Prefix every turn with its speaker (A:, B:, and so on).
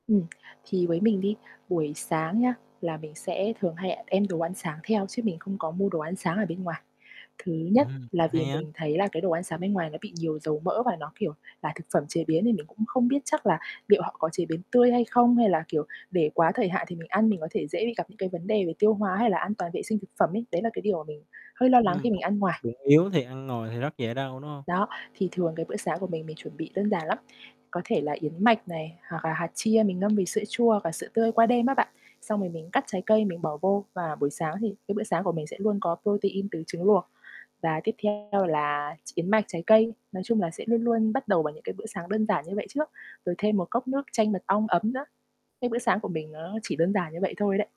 A: Ừm, thì với mình đi buổi sáng nhá là mình sẽ thường hay đem đồ ăn sáng theo chứ mình không có mua đồ ăn sáng ở bên ngoài. Thứ nhất
B: Ừm,
A: là vì
B: hay á.
A: mình thấy là cái đồ ăn sáng bên ngoài nó bị nhiều dầu mỡ và nó, kiểu, là thực phẩm chế biến nên mình cũng không biết chắc là liệu họ có chế biến tươi hay không? Hay là, kiểu, để quá thời hạn thì mình ăn mình có thể dễ bị gặp những cái vấn đề về tiêu hóa hay là an toàn vệ sinh thực phẩm ấy, đấy là cái điều mà mình hơi lo lắng
B: Ừm,
A: khi mình
B: bụng
A: ăn ngoài.
B: bụng yếu thì ăn ngoài thì rất dễ đau, đúng hông?
A: Đó, thì thường cái bữa sáng của mình, mình chuẩn bị đơn giản lắm. Có thể là yến mạch này hoặc là hạt chia mình ngâm với sữa chua hoặc là sữa tươi qua đêm á bạn, xong rồi mình cắt trái cây mình bỏ vô. Và buổi sáng thì cái bữa sáng của mình sẽ luôn có protein từ trứng luộc. Và tiếp theo là yến mạch, trái cây, nói chung là sẽ luôn luôn bắt đầu bằng những cái bữa sáng đơn giản như vậy trước, rồi thêm một cốc nước chanh mật ong ấm nữa. Cái bữa sáng của mình nó chỉ đơn giản như vậy thôi đấy.